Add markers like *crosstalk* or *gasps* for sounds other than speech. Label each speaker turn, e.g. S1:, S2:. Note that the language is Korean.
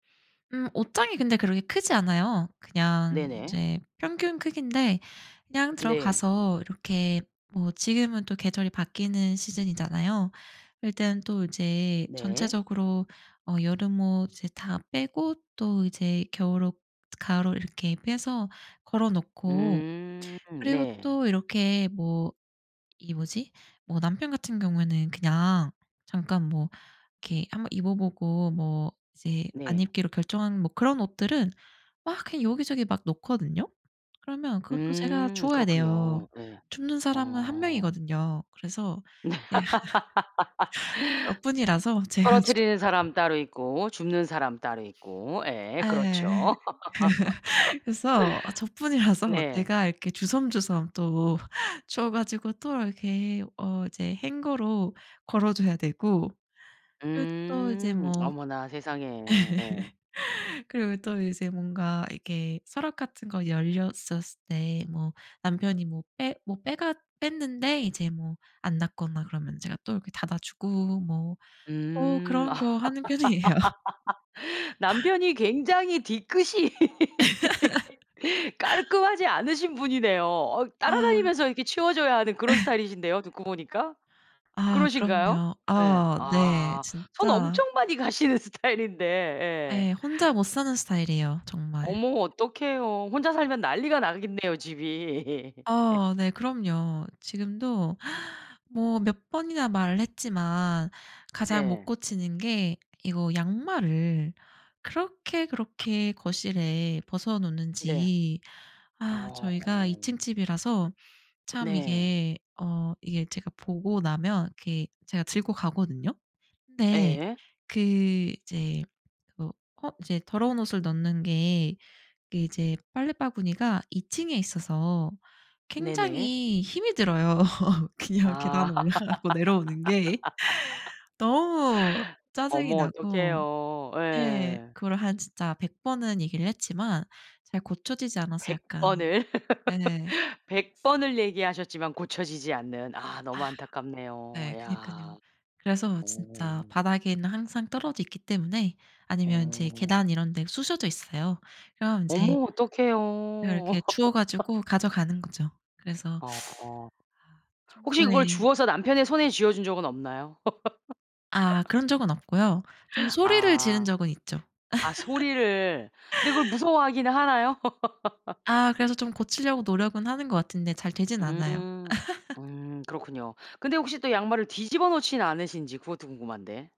S1: 음 옷장이 근데 그렇게 크지 않아요. 그냥
S2: 네네.
S1: 이제 평균 크기인데 그냥
S2: 네.
S1: 들어가서 이렇게 뭐 지금은 또 계절이 바뀌는 시즌이잖아요. 일단 또 이제
S2: 네.
S1: 전체적으로 어 여름옷을 다 빼고 또 이제 겨울 옷, 가을옷 이렇게 빼서 걸어놓고
S2: 음.
S1: 그리고
S2: 네.
S1: 또 이렇게 뭐 이 뭐지 뭐 남편 같은 경우에는 그냥 잠깐 뭐 이렇게 1 번 입어보고 뭐 이제 안
S2: 네.
S1: 입기로 결정하는 그런 옷들은 막 그냥 여기저기 막 놓거든요. 그러면 그것도 제가
S2: 음
S1: 주워야 돼요.
S2: 그렇군요. 예.
S1: 줍는 사람은 1
S2: 어.
S1: 명이거든요. 그래서
S2: 네.
S1: 네 *laughs* 저뿐이라서
S2: *laughs*
S1: 제가
S2: 떨어뜨리는
S1: 주워요.
S2: 사람 따로 있고, 줍는 사람 따로 있고. 예
S1: 예.
S2: 그렇죠.
S1: *laughs* 그래서 어
S2: *laughs*
S1: 저뿐이라서
S2: 네.
S1: 제가 이렇게 주섬주섬 또 *laughs* 주워 가지고 또 이렇게 어 이제 행거로 걸어 줘야 되고 예 또 이제
S2: 음.
S1: 뭐
S2: 어머나 세상에. 예.
S1: *laughs* 그리고 또 이제 뭔가 이렇게 서랍 같은 거 열렸었을 때 뭐 남편이 뭐 빼 뭐 빼갔 뺐는데 이제 뭐 안 닫거나 그러면 제가 또 이렇게 닫아주고 뭐 어
S2: 음.
S1: 그런
S2: 아
S1: 거 하는 편이에요.
S2: *laughs* 남편이 굉장히 뒤끝이 *laughs* 깔끔하지 않으신 분이네요. 어
S1: *laughs* 아.
S2: 따라다니면서 이렇게 치워줘야 하는 그런
S1: *laughs*
S2: 스타일이신데요 듣고 보니까.
S1: 아
S2: 그러신가요?
S1: 그럼요.
S2: 예.
S1: 아 네.
S2: 아 손
S1: 진짜
S2: 엄청 많이 가시는 스타일인데. 예.
S1: 예. 혼자 못 사는 스타일이에요, 정말.
S2: 어머 어떡해요. 혼자 살면 난리가 나겠네요 집이.
S1: 어 네
S2: *laughs*
S1: 그럼요. 지금도 *gasps* 뭐 몇 번이나 말했지만 가장 못
S2: 네.
S1: 고치는 게 이거 양말을 그렇게 그렇게 거실에 벗어
S2: 네.
S1: 놓는지 아
S2: 어.
S1: 저희가 2 층 집이라서 참
S2: 네.
S1: 이게 어 이게 제가 보고 나면 이렇게 제가 들고 가거든요. 근데
S2: 예.
S1: 그 이제 어 어 이제 더러운 옷을 넣는 게 그게 이제 빨래 바구니가 2 층에 있어서
S2: 네네.
S1: 굉장히 힘이 들어요. *chuckles*
S2: 아.
S1: 그냥 계단 올라가고 내려오는 게 너무
S2: *laughs*
S1: 짜증이
S2: 어머
S1: 나고
S2: 어떡해요.
S1: 네.
S2: 예.
S1: 그걸 한 진짜 100 번은 얘기를 했지만 잘 고쳐지지 않아서
S2: 100
S1: 약간
S2: 번을
S1: 예.
S2: *laughs* 100 번을 얘기하셨지만 고쳐지지 않는. 아
S1: 아.
S2: 너무 안타깝네요.
S1: 네 그니깐요.
S2: 야.
S1: 그래서 진짜
S2: 오.
S1: 바닥에는 항상 떨어져 있기 때문에 아니면 제
S2: 어.
S1: 계단 이런 데 쑤셔져 있어요. 그럼 인제
S2: 어머
S1: 그럼
S2: 어떡해요.
S1: 이렇게 주워
S2: *laughs*
S1: 가지고 가져가는 거죠. 그래서
S2: 어.
S1: *sucks teeth* 아
S2: 혹시
S1: 평소에
S2: 그걸 주워서 남편의 손에 쥐어준 적은 없나요?
S1: 아
S2: *laughs*
S1: 그런 적은 없고요 좀 소리를 지른
S2: 아.
S1: 적은 있죠.
S2: 아 소리를 근데 그걸
S1: *chuckles*
S2: 무서워하기는 하나요?
S1: 아
S2: *laughs*
S1: 그래서 좀 고치려고 노력은 하는 것 같은데 잘 되지는 않아요.
S2: 음.
S1: *chuckles*
S2: 음 그렇군요. 근데 혹시 또 양말을 뒤집어 놓지는 않으신지 그것도 궁금한데.